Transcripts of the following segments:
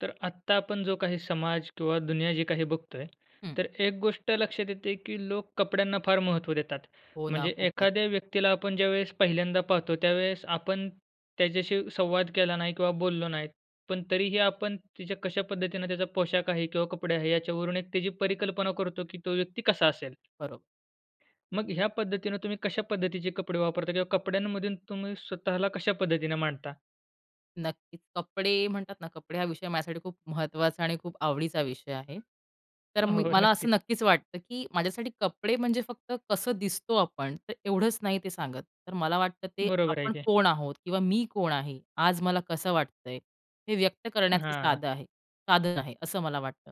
तर आत्ता आपण जो काही समाज किंवा दुनिया जी काही बघतोय हम्म. तर एक गोष्ट लक्षात येते की लोक कपड्यांना फार महत्त्व देतात. हो ना, म्हणजे खूपच. एखाद्या व्यक्तीला आपण ज्यावेळेस पहिल्यांदा पाहतो, त्यावेळेस आपण त्याच्याशी संवाद केला नाही किंवा बोललो नाही पण तरीही आपण तिच्या कशा पद्धतीनं त्याचा पोशाख आहे किंवा कपडे आहे याच्यावरून एक त्याची परिकल्पना करतो की तो व्यक्ती कसा असेल. बरोबर. मग ह्या पद्धतीने तुम्ही कशा पद्धतीचे कपडे वापरता किंवा कपड्यांमधून तुम्ही स्वतःला कशा पद्धतीनं मांडता? नक्कीच. कपडे म्हणतात ना, कपडे हा विषय माझ्यासाठी खूप महत्त्वाचा आणि खूप आवडीचा विषय आहे. तर मी हो मला असं नक्कीच. नक्कीच वाटतं की माझ्यासाठी कपडे म्हणजे फक्त कसं दिसतो आपण तर एवढंच नाही ते सांगत, तर मला वाटतं ते बरोबर आहे आपण की. कोण आहोत? किंवा मी कोण आहे? आज मला कसं वाटतंय, हे व्यक्त करण्याचं हां. साधं आहे साधन आहे असं मला वाटतं.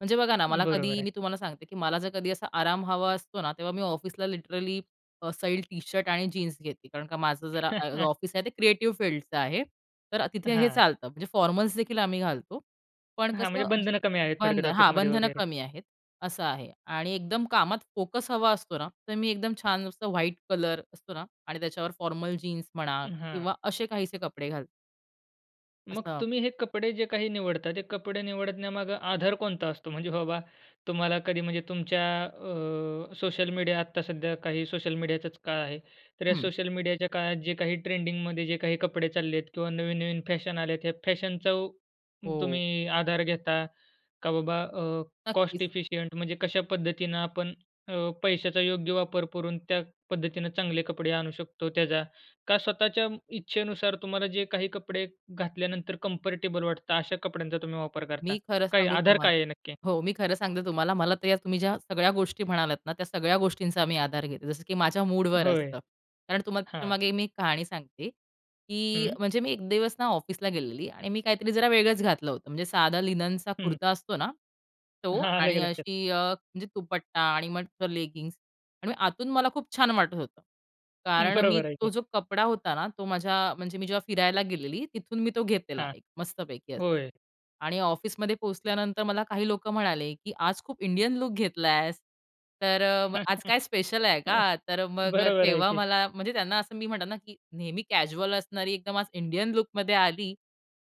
म्हणजे बघा ना, मला बरोबर कधी आहे. मी तुम्हाला सांगते की मला जर कधी असा आराम हवा असतो ना, तेव्हा मी ऑफिसला लिटरली अ, सैल टी शर्ट आणि जीन्स घेते कारण का माझं जरा ऑफिस आहे ते क्रिएटिव्ह फील्डचं आहे तर तिथे हे हां. चालतं, म्हणजे फॉर्मल्सदेखील आम्ही घालतो. पण हां, म्हणजे कसं बंधनं कमी आहेत बंध थोडक्यात हां, ऑफिसमध्ये बंधनं वगैरे. कमी आहेत, असं आहे आणि एकदम कामात फोकस हवा असतो ना तर मी एकदम छान असं व्हाईट कलर असतो ना आणि त्याच्यावर फॉर्मल जीन्स म्हणा अ, हां. किंवा असे काहीसे कपडे घालते. मग असता. तुम्ही हे कपडे जे काही निवडता, ते कपडे निवडण्यामागं आधार कोणता असतो? म्हणजे बाबा, तुम्हाला कधी म्हणजे तुमच्या अ, सोशल मीडिया, आत्ता सध्या काही सोशल मीडियाचाच काळ आहे. तर या हं. सोशल मीडियाच्या काळात जे काही ट्रेंडिंगमध्ये जे काही कपडे चालले आहेत किंवा नवीन-नवीन फॅशन आल्या आहेत, या फॅशनचा हो. तुम्ही आधार घेता, का बाबा अ, कॉस्ट नक्कीच. एफिशिएंट म्हणजे कशा पद्धतीनं आपण अ, पैशाचा योग्य वापर करून त्या पद्धतीनं चांगले कपडे आणू शकतो त्याचा, का स्वतःच्या इच्छेनुसार तुम्हाला जे काही कपडे घातल्यानंतर कंफर्टेबल वाटतं अशा कपड्यांचा तुम्ही वापर करता? मी खरं काय सांगू आधार तुम्हाला काय आहे नक्की? हो. मी खरं सांगते तुम्हाला. मला तर या तुम्ही ज्या सगळ्या गोष्टी म्हणालात ना, त्या सगळ्या गोष्टींचा मी आधार घेते. जसं की माझ्या मूडवर होय, असतं. कारण तुम्हाला हां. त्याच्यामागे मी एक कहाणी सांगते, की हं. म्हणजे मी 1 दिवस ना ऑफिसला गेलेली आणि मी काहीतरी जरा वेगळंच घातलं होतं. म्हणजे साधा लिननचा हं. कुर्ता असतो ना, तो आलं की आणि लक्षात. अशी अ, म्हणजे दुपट्टा आणि मस्तं लेगिंग्स आणि आतून मला खूप छान वाटत होतं. हं, कारण मी बरोबर आहे तो की. जो कपडा होता ना, तो माझ्या म्हणजे मी जेव्हा फिरायला गेलेली, तिथून मी तो घेतलेला हां, एक मस्तपैकी असा होय. आणि ऑफिसमध्ये पोहोचल्यानंतर मला काही लोकं म्हणाले की, "आज खूप इंडियन लूक घेतलायस. तर अ, आज काय स्पेशल आहे का?" तर मग बरोबर आहे तेव्हा की. मला म्हणजे त्यांना असं मी म्हणातात ना की नेहमी कॅज्युअल असणारी, एकदम आज इंडियन लूकमध्ये आली,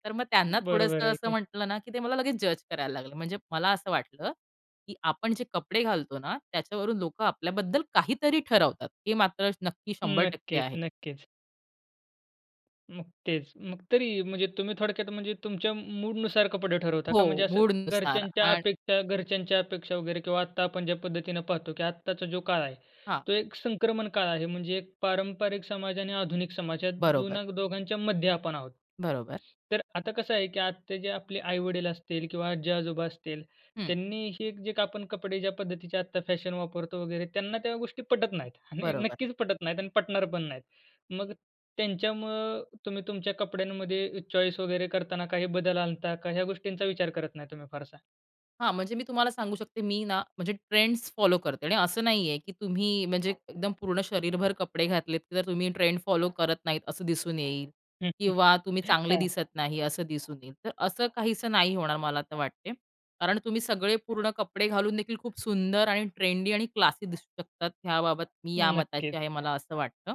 तर मग त्यांना बरोबर थोडंसं आहे असं की. म्हंटलं ना की ते मला लगेच जज करायला लागले. म्हणजे मला असं वाटतं की आपण जे कपडे घालतो ना त्याच्यावरून लोकं आपल्याबद्दल काहीतरी ठरवतात, हे मात्र नक्की 100% आहे. नक्कीच, नक्कीच. मग तेच. मग तरी, म्हणजे तुम्ही थोडक्यात म्हणजे तुमच्या म मूडनुसार कपडे ठरवता हो, का? म्हणजे असं मूडनुसार घरच्यांच्या आणि अपेक्षा घरच्यांच्या अपेक्षा वगैरे किंवा आत्ता आपण ज्या पद्धतीनं पाहतो की आत्ताचा जो काळ आहे, हां. तो एक संक्रमण काळ आहे. म्हणजे एक पारंपरिक समाज आणि आधुनिक समाज, या बरोबर. दोनाग दोघांच्यामध्ये आपण आहोत. बरोबर. तर आता कसं आहे की, आता जे आपले आई-वडील असतील किंवा आजी-आजोबा असतील, हं. त्यांनी हे जे का आपण कपडे ज्या पद्धतीचे आत्ता फॅशन वापरतो वगैरे, त्यांना त्या गोष्टी पटत नाहीत आणि बरोबर. नक्कीच पटत नाहीत आणि पटणार पण नाहीत. मग त्यांच्यामूळं, तुम्ही तुमच्या कपड्यांमध्ये चॉईस वगैरे करताना काही बदल आणता, का ह्या गोष्टींचा विचार करत नाही तुम्ही फारसा? हां, म्हणजे मी तुम्हाला सांगू शकते, मी ना, म्हणजे ट्रेंड्स फॉलो करते आणि असं नाही आहे, की तुम्ही म्हणजे एकदम पूर्ण शरीरभर कपडे घातलेत जर तुम्ही ट्रेंड फॉलो करत नाहीत असं दिसून येईल. किंवा तुम्ही चांगले हां. दिसत नाही असं दिसून येईल. तर असं काहीसं नाही होणार मला तर वाटते. कारण तुम्ही सगळे पूर्ण कपडे घालून देखील खूप सुंदर आणि ट्रेंडी आणि क्लासी दिसू शकतात ह्याबाबत मी ह्या नक्कीच. मताची आहे मला असं वाटतं.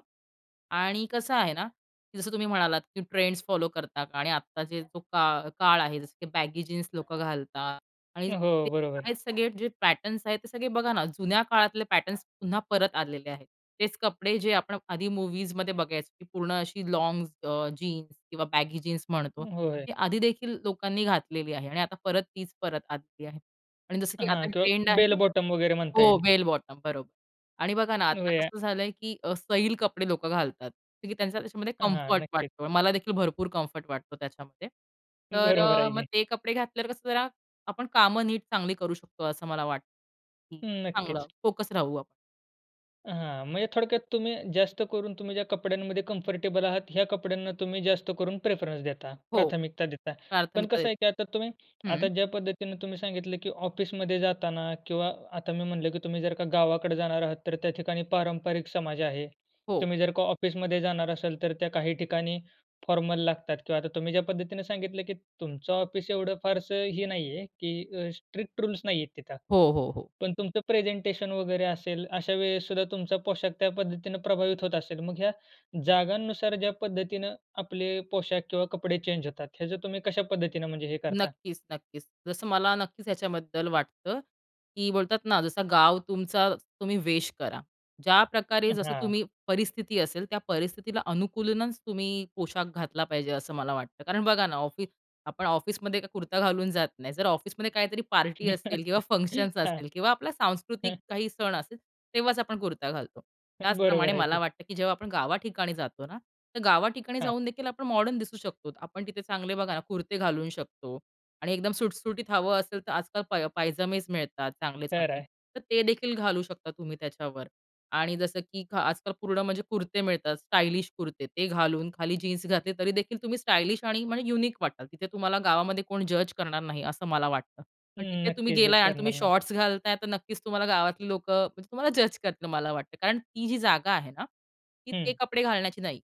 आणि कसं आहेना, की जसं तुम्ही म्हणालात, की, ट्रेंड्स फॉलो करता का? आणि आत्ता जे जो का काळ आहे, जसं की बॅगी जीन्स लोकं घालतात आणि अ, ते हो, बरोबर. आहेत सगळे जे पॅटर्न्स आहेत ते सगळे बघाना जुन्या काळातले पॅटर्न्स पुन्हा परत आलेले आहेत. तेच कपडे, जे आपण आधी मूव्हीजमध्ये बघायचं की, पूर्ण अशी लॉन्ग्स अ, जीन्स किंवा बॅगी जीन्स म्हणतो. होय. ती आधी देखील लोकांनी घातलेली आहे आणि आता परत तीच परत आलेली आहे आणि जसं की हां, आता किंवा ट्रेंड बेल आहे बॉटम वगैरे म्हणता हो, येईल. बेल बॉटम, बरोबर. आणि बघाना आता [unintelligible] कसं झालंय, की अ, सैल कपडे लोकं घालतात. कारण की त्यांचा त्याच्यामध्ये हां, हां. कम्फर्ट नक्कीच. वाटतो. मला देखील भरपूर कम्फर्ट वाटतो त्याच्यामध्ये. तर, बरोबर अ आहे मग की. ते कपडे घातल्यावर कसं जरा आपण कामं नीट चांगली करू शकतो असं मला वाटतं. हं, हं, चांगलं नक्कीच. फोकस राहू आपण. हां, म्हणजे थोडक्यात तुम्ही जास्त करून तुम्ही ज्या कपड्यांमध्ये कम्फर्टेबल आहात ह्या कपड्यांना तुम्ही जास्त करून प्रेफरन्स देता, हो, प्राथमिकता देता. पण प्राथमिकता कसं आहे की आता तुम्ही देतो, आता हं. ज्या पद्धतीनं तुम्ही सांगितलं की ऑफिसमध्ये जाताना किंवा आता मी म्हटलं, की तुम्ही जर का गावाकडे जाणार आहात, तर त्या ठिकाणी पारंपरिक समाज आहे. हो. तुम्ही जर का ऑफिसमध्ये जाणार असाल तर त्या काही ठिकाणी फॉर्मल लागतात किंवा आता तुम्ही ज्या पद्धतीनं सांगितलं की तुमचं ऑफिस एवढं फारसं हे नाही आहे की अ, स्ट्रिक्ट रूल्स नाहीये तिथं. हो, हो, हो. पण तुमचं प्रेझेंटेशन वगैरे असेल, अशा वेळेस सुद्धा तुमचा पोशाख त्या पद्धतीनं प्रभावित होत असेल. मग ह्या जागांनुसार ज्या पद्धतीनं आपले पोशाख किंवा कपडे चेंज होतात ह्याचं तुम्ही कशा पद्धतीनं म्हणजे हे करता? नक्कीच, नक्कीच. जसं मला नक्कीच याच्याबद्दल वाटतं, की बोलतात ना जसं गाव तुमचा तुम्ही वेश करा. ज्या प्रकारे जसं हां. तुम्ही परिस्थिती असेल त्या परिस्थितीला अनुकूलूनच तुम्ही पोशाख घातला पाहिजे असं मला वाटतं. कारण बघा ना, ऑफी आपण ऑफिसमध्ये काय कुर्ता घालून जात नाही, जर ऑफिसमध्ये काहीतरी पार्टी असतील किंवा फंक्शन्स हां, असतील किंवा आपला सांस्कृतिक हं. काही सण असेल, तेव्हाच आपण कुर्ता घालतो. त्याचप्रमाणे बरोबर आहे मला की. वाटतं, की जेव्हा आपण गावाठिकाणी जातो ना तर गावाठिकाणी हां. जाऊन देखील आपण मॉडर्न दिसू शकतो. आपण तिथे चांगले बघा ना, कुर्ते घालू शकतो आणि एकदम सुटसुटीत हवं असेल तर आजकाल पाय पायजामेच मिळतात, तयार चांगले-चांगले. आहे. तर ते देखील घालू शकता तुम्ही त्याच्यावर आणि जसं की घा आजकाल पूर्ण म्हणजे कुर्ते मिळतात, स्टायलिश कुर्ते, ते घालून खाली जीन्स घातले तरीदेखील तुम्ही स्टायलिश आणि म्हणजे युनिक वाटाल. तिथे तुम्हाला गावामध्ये कोण जज करणार नाही असं मला वाटतं. पण तिथे तुम्ही नक्कीच, गेलाय जज आणि तुम्ही करणार नाही. शॉर्ट्स घालताय तर नक्कीच तुम्हाला गावातली लोकं म्हणजे तुम्हाला जज करतील मला वाटतं. कारण ती जी जागा आहे ना, ती ते हं. कपडे घालण्याची नाही.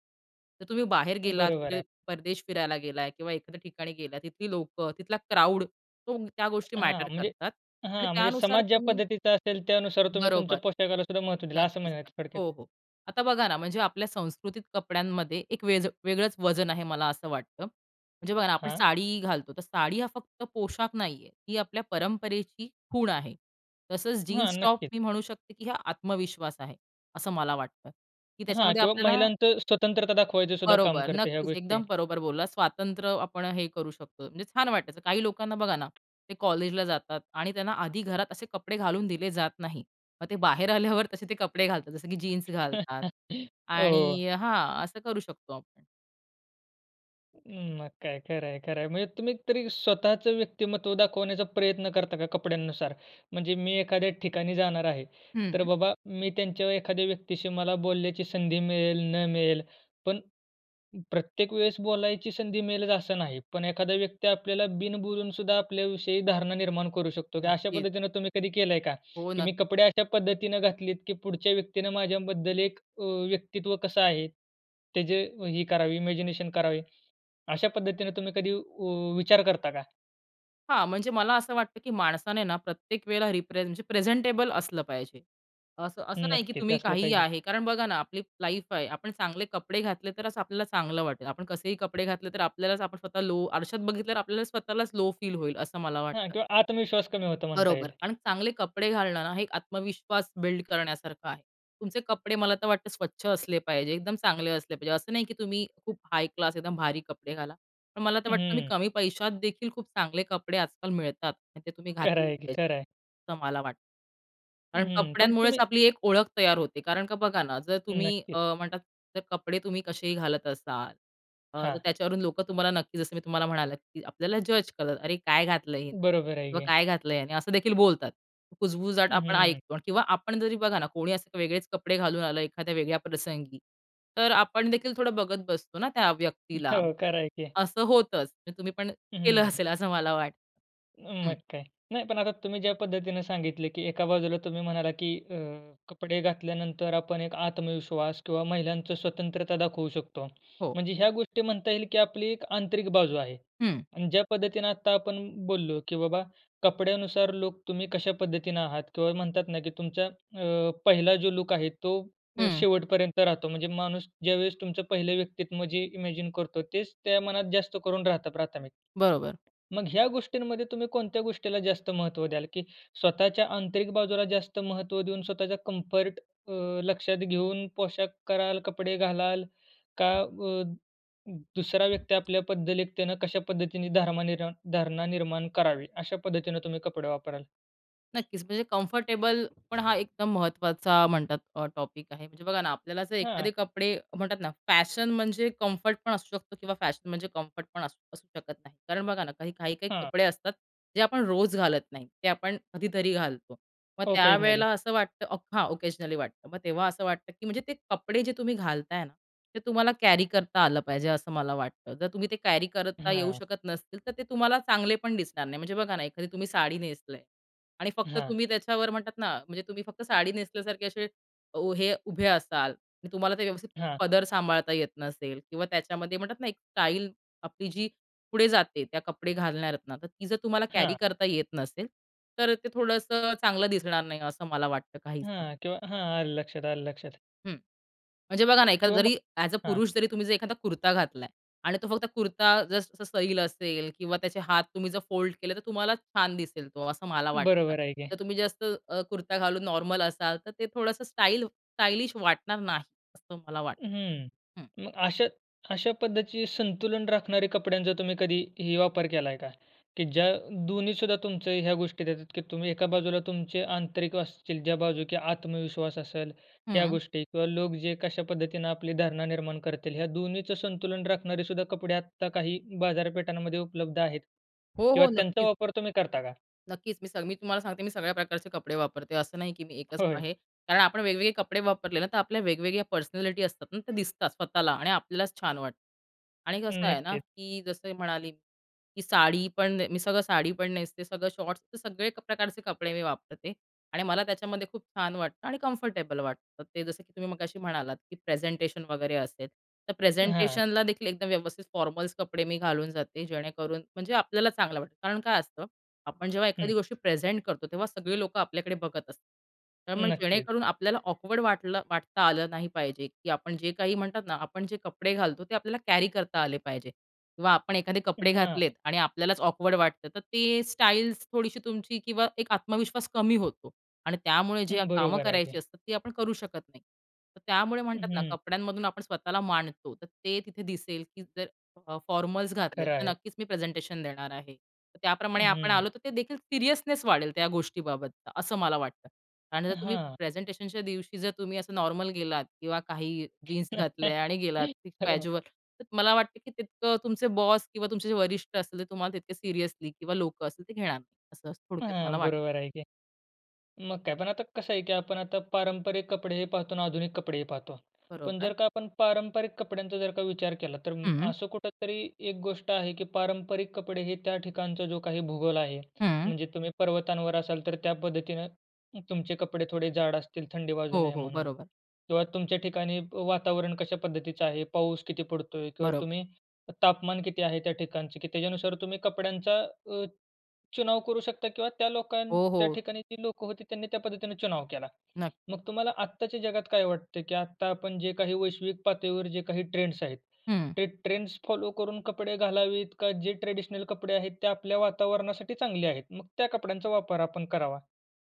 तर तुम्ही बाहेर गेलात, बरोबर कुठे आहे. परदेश फिरायला गेलात किंवा एखाद्या ठिकाणी गेलात, तिथली लोकं, तिथला क्राउड तो त्या गोष्टी हां, मॅटर म्हणजे करतात आणि हां, म्हणजे त्यानुसार समाज ज्या तुम्ही पद्धतीचा असेल, त्यानुसार तुम्ही तुमच्या बरोबर, पोशाखाला सुद्धा महत्त्व दिलं. असं नक्कीच, म्हणायचं नक्की. थोडक्यात? हो, हो, आता बघा ना, म्हणजे आपल्या संस्कृतीत कपड्यांमध्ये एक व्हेज वेगळंच वजन आहे मला असं वाटतं. म्हणजे बघा ना आपण हां. साडी घालतो तर साडी हा फक्त पोशाख नाही आहे, ती आपल्या परंपरेची खूण आहे. तसंच हां, जीन्स टॉप नक्कीच. मी म्हणू शकते की हा आत्मविश्वास आहे असं मला वाटतं, की हां, त्याच्यामध्ये किंवा आपल्याला महिलांचं स्वतंत्रता दाखवायचं सुद्धा काम बरोबर, करते या नक्कीच, गोष्टी? एकदम बरोबर बोलला. स्वातंत्र्य आपण हे करू शकतो. म्हणजे छान वाटायचं. काही लोकांना बघा ना, ते कॉलेजला जातात आणि त्यांना आधी घरात असे कपडे घालून दिले जात नाही. मग ते बाहेर आल्यावर तसे ते कपडे घालतात. जसं की जीन्स घालतात हो. आणि हां, असं करू शकतो आपण. उम्म, मग काय? खरं आहे खरं आहे. म्हणजे तुम्ही तरी स्वतःचं व्यक्तिमत्त्व दाखवण्याचा प्रयत्न करता का कपड्यांनुसार? म्हणजे मी एखाद्या ठिकाणी जाणार आहे तर हं. बाबा, मी त्यांच्या एखाद्या व्यक्तीशी मला बोलण्याची संधी मिळेल न मिळेल, पण प्रत्येक वेळेस बोलायची संधी मिळेलच असं नाही. पण एखादा व्यक्ती आपल्याला बिनबोलून सुद्धा आपल्याविषयी धारणा निर्माण करू शकतो की अशा नक्कीच. पद्धतीनं तुम्ही कधी केलंय का? हो की न. मी कपडे अशा पद्धतीनं घातलेत की पुढच्या व्यक्तीनं माझ्याबद्दल एक अ, व्यक्तित्व कसं आहे ते जे ही करावी, इमॅजिनेशन करावी? अशा पद्धतीने तुम्ही कधी व विचार करता का? हां, म्हणजे मला असं वाटतं की माणसाने ना, प्रत्येक वेळेला रिप्रेज म्हणजे प्रेझेंटेबल असलं पाहिजे. असं, असं नाही की नक्कीच तुम्ही असलं काहीही पाहिजे. आहे. कारण बघा ना, आपली लाईफ आहे, आपण चांगले कपडे घातले तरच आपल्याला चांगलं वाटेल. आपण कसेही कपडे घातले. तर आपल्यालाच आपण स्वतः लो आरशात बघितलं तर आपल्याला स्वतःलाच लो फील होईल, असं मला हां, वाटतं. किंवा आत्मविश्वास कमी होतो म्हणता बरोबर. येईल. आणि चांगले कपडे घालणं ना, हे एक आत्मविश्वास बिल्ड करण्यासारखं आहे. तुमचे कपडे मला तर वाटतं स्वच्छ असले पाहिजे. एकदम चांगले असले पाहिजे. असं नाही की तुम्ही खूप हाय क्लास एकदम भारी कपडे घाला. पण मला तर वाटतं तुम्ही हं. कमी पैशात देखील खूप चांगले कपडे आजकाल मिळतात आणि ते तुम्ही खरं घातले आहे की, पाहिजे खरं आहे. असं मला वाटतं. कारण हं, पण कपड्यांमुळेच तुम्ही आपली एक ओळख तयार होते. कारण का बघा ना, जर तुम्ही नक्कीच. अ, म्हणतात जर कपडे तुम्ही कसेही घालत असाल अ, तर हां. त्याच्यावरून लोकं तुम्हाला नक्की जसं मी तुम्हाला म्हणालं, की आपल्याला जज करत. "अरे काय घातलंय हे? बरोबर आहे किंवा की. काय घातलंय ह्यांनी?" असं देखील बोलतात. कुजबुजाट हं. आपण हं. ऐकतो. किंवा आपण जरी बघा ना, कोणी असं वेगळेच कपडे घालून आलं, एखाद्या वेगळ्या प्रसंगी. तर आपण देखील थोडं बघत बसतो ना, त्या व्यक्तीला, हो, खरं आहे की. असं होतंच. म्हणजे तुम्ही पण हं. केलं हं. असेल असं मला वाटतं. मग हं. काय. नाही पण आता तुम्ही ज्या पद्धतीनं सांगितले, की एका बाजूला तुम्ही म्हणालात की अ, कपडे घातल्यानंतर आपण एक आत्मविश्वास किंवा महिलांचं स्वतंत्रता दाखवू शकतो. हो. म्हणजे ह्या गोष्टी म्हणता येईल की आपली एक आंतरिक बाजू आहे. हं. आणि ज्या पद्धतीनं आता आपण बोललो, की बाबा, कपड्यानुसार लोक तुम्ही कशा पद्धतीनं आहात. किंवा म्हणतात ना की तुमचा अ, पहिला जो लूक आहे तो हं. शेवटपर्यंत राहतो. म्हणजे माणूस ज्यावेळेस तुमचं पहिलं व्यक्तित्व जे इमॅजिन करतो तेच त्या मनात जास्त करून राहतं प्राथमिक. बरोबर. मग ह्या गोष्टींमध्ये तुम्ही कोणत्या गोष्टीला जास्त महत्त्व द्याल? की स्वतःच्या आंतरिक बाजूला जास्त महत्त्व देऊन स्वतःच्या कम्फर्ट अ, लक्षात घेऊन पोशाख कराल, कपडे घालाल, का व द 2सरा व्यक्ती आपल्या पद्धतेनं कशा पद्धतीने धारणा निर्माण धारणा निर्माण करावी, अशा पद्धतीनं तुम्ही कपडे वापराल? नक्कीच, म्हणजे कम्फर्टेबल पण हा एकदम महत्त्वाचा म्हणतात टॉपिक आहे. म्हणजे बघा ना, आपल्याला जर हां. एखादे कपडे म्हणतात ना, फॅशन म्हणजे कम्फर्ट पण असू शकतो किंवा फॅशन म्हणजे कम्फर्ट पण असू असू शकत नाही. कारण बघा ना, काही-काही काही हां. कपडे असतात जे आपण रोज घालत नाही, ते आपण कधीतरी घालतो. मग त्या ऑकेजनली. वेळेला असं वाटतं, अफ हां, ओकेजनली वाटतं, मग तेव्हा असं वाटतं की म्हणजे ते कपडे जे तुम्ही घालताय ना, ते तुम्हाला कॅरी करता आलं पाहिजे, असं मला वाटतं. जर तुम्ही ते कॅरी करता येऊ हां. शकत नसतील, तर ते तुम्हाला चांगले पण दिसणार नाही. म्हणजे बघा ना, एखादी तुम्ही साडी नेसलीय आणि फक्त हां. तुम्ही त्याच्यावर म्हणतात ना, म्हणजे तुम्ही फक्त साडी नेसल्यासारखे असे वो हे उभे असाल आणि तुम्हाला ते व्यवस्थित हां. पदर सांभाळता येत नसेल किंवा त्याच्यामध्ये म्हणतात ना एक स्टाईल आपली जी पुढे जाते, त्या कपडे घालणाऱ्या आहेत ना, तर ती जर तुम्हाला कॅरी हां. करता येत नसेल, तर ते थोडंसं चांगलं दिसणार नाही, असं मला वाटतं काहीसं. हां, किंवा हां, आलं लक्षात, आलं लक्षात. हं, म्हणजे बघा ना, एखादा किंवा मग जरी ॲज अ हां. पुरुष जरी तुम्ही जर एखादा कुर्ता घातलाय आणि तो फक्त कुर्ता जस जस सैल असेल किंवा त्याचे हात तुम्ही जर फोल्ड केले तर तुम्हाला छान दिसेल तो असं मला वाटतं. बरोबर आहे की. तर तुम्ही जे असं अ, कुर्ता घालून नॉर्मल असाल तर ते थोडंसं स्टाइल स्टाइलिश वाटणार नाही असं मला वाटतं. हं, हं मग अशा अशा पद्धतीचे संतुलन राखणारे कपड्यांचा तुम्ही कधीही वापर केला आहे का? की ज्या 2न्ही सुद्धा तुमचं ह्या गोष्टी देतात की तुम्ही एका बाजूला तुमचे आंतरिक असतील, ज्या बाजू की आत्मविश्वास असेल ह्या हं. गोष्टी किंवा लोक जे कशा पद्धतीनं आपली धारणा निर्माण करतील ह्या 2न्हीचं संतुलन राखणारे सुद्धा कपडे आत्ता काही बाजारपेठांमध्ये उपलब्ध आहेत हो, किंवा हो, त्यांचा नक्कीच. वापर तुम्ही करता का? नक्कीच. मी सग मी तुम्हाला सांगते, मी सगळ्या प्रकारचे कपडे वापरते. असं नाही की मी एकच होय. आहे कारण आपण वेगवेगळे कपडे वापरले ना, तर आपल्या वेगवेगळ्या पर्सनॅलिटी असतात ना, त्या दिसतात स्वतःला; आणि आपल्यालाच छान वाटतं आणि कसं अं, आहे ना, नक्कीच. की जसं मी म्हणाली की साडी पण मी सगळं साडी पण नेसते सगळं शॉर्ट्स, तर सगळे प्रकारचे कपडे मी वापरते आणि मला त्याच्यामध्ये खूप छान वाटतं आणि कम्फर्टेबल वाटतं. ते जसं की तुम्ही मगाशी म्हणालात की प्रेझेंटेशन वगैरे असेल तर हां. प्रेझेंटेशनला देखील एकदम व्यवस्थित फॉर्मल्स कपडे मी घालून जाते जेणेकरून म्हणजे आपल्याला चांगलं वाटतं. कारण काय असतं, आपण जेव्हा एखादी हं. गोष्टी प्रेझेंट करतो तेव्हा सगळी लोकं आपल्याकडे बघत असतात. तर मग नक्कीच. जेणेकरून आपल्याला ऑकवर्ड वाटलं वाटता आलं नाही पाहिजे, की आपण जे काही म्हणतात ना आपण जे कपडे घालतो ते आपल्याला कॅरी करता आले पाहिजे किंवा आपण एखादे कपडे हां. घातलेत आणि आपल्यालाच ऑकवर्ड वाटतं तर ते स्टाइल्स थोडीशी तुमची किंवा एक आत्मविश्वास कमी होतो आणि त्यामुळे जे कामं बरोबर आहे करायची की. असतात ती आपण करू शकत नाही. तर त्यामुळे म्हणतात ना हं. कपड्यांमधून आपण स्वतःला मांडतो, तर ते तिथे दिसेल की जर अ, फॉर्मल्स घातलेत खरं तर आहे. नक्कीच मी प्रेझेंटेशन देणार आहे, तर त्याप्रमाणे आपण हं. आलो तर ते देखील सीरियसनेस वाढेल त्या गोष्टीबाबतचा, असं मला वाटतं आणि जर तुम्ही हां. प्रेझेंटेशनच्या दिवशी जर तुम्ही असं नॉर्मल गेलात किंवा काही जीन्स घातल्या आणि गेलात हो. कॅज्युअल तर मला वाटतं की तितकं तुमचे बॉस किंवा तुमचे जे वरिष्ठ असतील ते तुम्हाला तितके सीरियसली किंवा लोकं असतील ते घेणार नाही, असं थोडक्यात मला हां, वाटतं. बरोबर आहे की. मग काय? पण आता कसं आहे की आपण आता पारंपरिक कपडेही पाहतो आणि आधुनिक कपडेही पाहतो. पण जर बरोबर. का आपण पारंपरिक कपड्यांचा जर का विचार केला तर अ, हं. असं कुठेतरी एक गोष्ट आहे की पारंपरिक कपडे हे त्या ठिकाणचा जो काही भूगोल आहे, हं. म्हणजे तुम्ही पर्वतांवर असाल तर त्या पद्धतीनं तुमचे कपडे थोडे जाड असतील थंडी वाजू हो, नये हो, म्हणून बरोबर. किंवा तुमच्या ठिकाणी वातावरण कशा पद्धतीचं आहे, पाऊस किती पडतोय? किंवा बरोबर. तुम्ही तापमान किती आहे त्या ठिकाणचं की त्याच्यानुसार तुम्ही कपड्यांचा अ, चुनाव करू शकता किंवा त्या लोकां हो, त्या हो. ठिकाणी जी लोकं होती त्यांनी त्या पद्धतीनं चुनाव केला. नक्की. मग तुम्हाला आत्ताच्या जगात काय वाटतं की आता आपण जे काही वैश्विक पातळीवर जे काही ट्रेंड्स आहेत, हं. ते ट्रेंड्स फॉलो करून कपडे घालावीत, का जे ट्रेडिशनल कपडे आहेत ते आपल्या वातावरणासाठी चांगले आहेत, मग त्या कपड्यांचा वापर आपण करावा.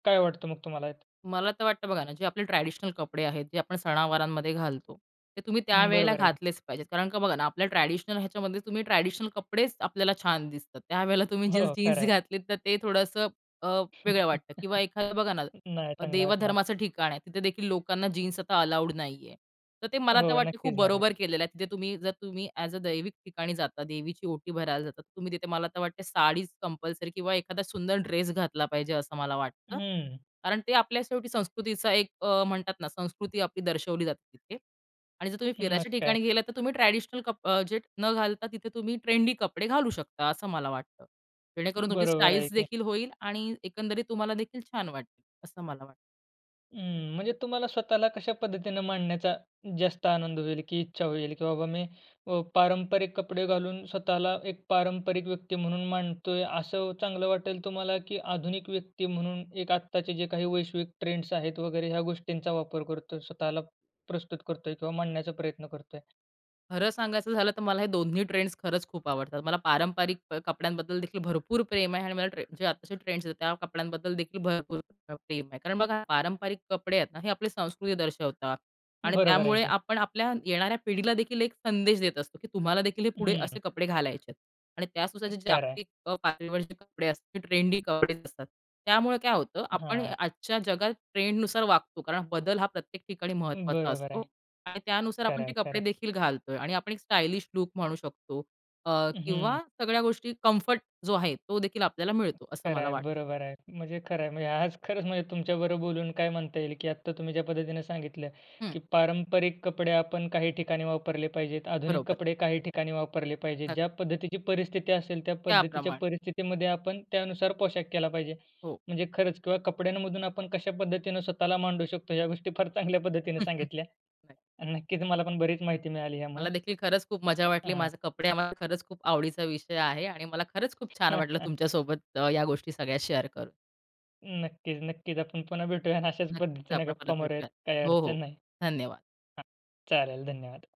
काय वाटतं मग तुम्हाला ह्यात? मला तर वाटतं बघा ना, जे आपले ट्रॅडिशनल कपडे आहेत जे आपण सणवारांमध्ये घालतो, ते तुम्ही हं, त्यावेळेला बरोबर आहे की. घातलेच पाहिजेत. कारण का बघा ना आपल्या ट्रॅडिशनल ह्याच्यामध्ये तुम्ही ट्रॅडिशनल कपडेच आपल्याला छान दिसतात. त्यावेळेला तुम्ही जीन्स हो, खरं जीन्स आहे. घातलीत तर ते थोडंसं अ, वेगळं वाटतं. किंवा एखादं बघा ना, नाही चांगलं वाटणार. देवधर्माचं ठिकाण आहे तिथे देखील लोकांना जीन्स आता अलाऊड नाही आहे तर ते मला तर हो, वाटते खूप नक्कीच नाही आहेत. बरोबर केलेलं आहे. तिथे तुम्ही जर तुम्ही ऍज अ दैविक ठिकाणी जाता देवीची ओटी भरायला जातात तर तुम्ही तिथे मला तर वाटते साडीच कंपल्सरी किंवा एखादा सुंदर ड्रेस घातला पाहिजे असं मला वाटतं, हम्म. कारण ते आपल्या शेवटी संस्कृतीचा एक अ, म्हणतात ना संस्कृती आपली दर्शवली जाते तिथे आणि जर तुम्ही हं, मग फिरायच्या काय? ठिकाणी गेलात तर तुम्ही ट्रॅडिशनल कप जे न घालता तिथे तुम्ही ट्रेंडी कपडे घालू शकता असं मला वाटतं. जेणेकरून तुमची बरोबर आहे स्टाइल्स की. देखील होईल आणि एकंदरीत तुम्हाला देखील छान वाटेल, असं मला वाटतं. हं, म्हणजे तुम्हाला स्वतःला कशा पद्धतीनं मांडण्याचा जास्त आनंद होईल? की इच्छा होईल की बाबा मी, अ, पारंपरिक कपडे घालून स्वतःला एक पारंपरिक व्यक्ती म्हणून मांडतोय असं चांगलं वाटेल तुम्हाला? की आधुनिक व्यक्ती म्हणून एक आत्ताचे जे काही वैश्विक ट्रेंड्स आहेत वगैरे, ह्या गोष्टींचा वापर करतोय स्वतःला प्रस्तुत करतोय किंवा मांडण्याचा प्रयत्न करतोय? खरं सांगायचं झालं तर मला हे 2ही ट्रेंड्स खरंच खूप आवडतात. मला पारंपरिक प कपड्यांबद्दल देखील भरपूर प्रेम आहे आणि मला ट्रें जे आत्ताचे ट्रेंड्स आहेत त्या कपड्यांबद्दल देखील भरपूर प्रेम आहे. कारण बघा, पारंपरिक कपडे आहेत ना, हे आपली संस्कृती दर्शवतात आणि बरोबर आहे त्यामुळे की. आपण आपल्या येणाऱ्या पिढीला देखील एक संदेश देत असतो, की तुम्हाला देखील हे पुढे असे हम्म. कपडे घालायचे आहेत. आणि त्या नुसार जे खरं आहे. जागतिक पातळीवरचे कपडे असतात ट्रेंडी कपडे असतात त्यामुळं काय होतं आपण हां. आजच्या जगात ट्रेंडनुसार वागतो. कारण बदल हा प्रत्येक ठिकाणी महत्त्वाचा बरोबर आहे. असतो. आणि त्यानुसार आपण खरं ते आहे, खरं कपडे आहे. देखील घालतोय आणि आपण एक स्टायलिश लुक म्हणू शकतो अ, हं. किंवा सगळ्या गोष्टी कम्फर्ट जो आहे, तो देखील आपल्याला मिळतो असं खरं मला आहे, वाटतं. बरोबर आहे. म्हणजे खरं आहे. म्हणजे आज खरंच म्हणजे तुमच्याबरोबर बोलून, काय म्हणता येईल की आत्ता तुम्ही ज्या पद्धतीनं सांगितलं हं. की पारंपरिक कपडे आपण काही ठिकाणी वापरले पाहिजेत, आधुनिक बरोबर. कपडे काही ठिकाणी वापरले पाहिजेत. नक्की. ज्या पद्धतीची परिस्थिती असेल त्या पद्धतीच्या त्याप्रमाणे. परिस्थितीमध्ये आपण त्यानुसार पोशाख केला पाहिजे. हो. म्हणजे खरंच किंवा कपड्यांमधून आपण कशा पद्धतीनं स्वतःला मांडू शकतो या गोष्टी फार चांगल्या पद्धतीनं सांगितल्या नाही. आणि नक्कीच मला पण बरीच माहिती मिळाली यामुळं. मला देखील खरंच खूप मज्जा वाटली. हां. माझे कपडे हा माझ्या खरंच खूप आवडीचा विषय आहे आणि मला खरंच खूप छान वाटलं तुमच्या सोबत अ, या गोष्टी सगळ्या शेअर करून. नक्कीच-नक्कीच. आपण पुन्हा भेटूया आणि अशाच नक्कीच पद्धतीनं आपण परत गप्पा भेटूयात. मारूयात काही हो, हो अडचण नाही. धन्यवाद. हां, चालेल धन्यवाद.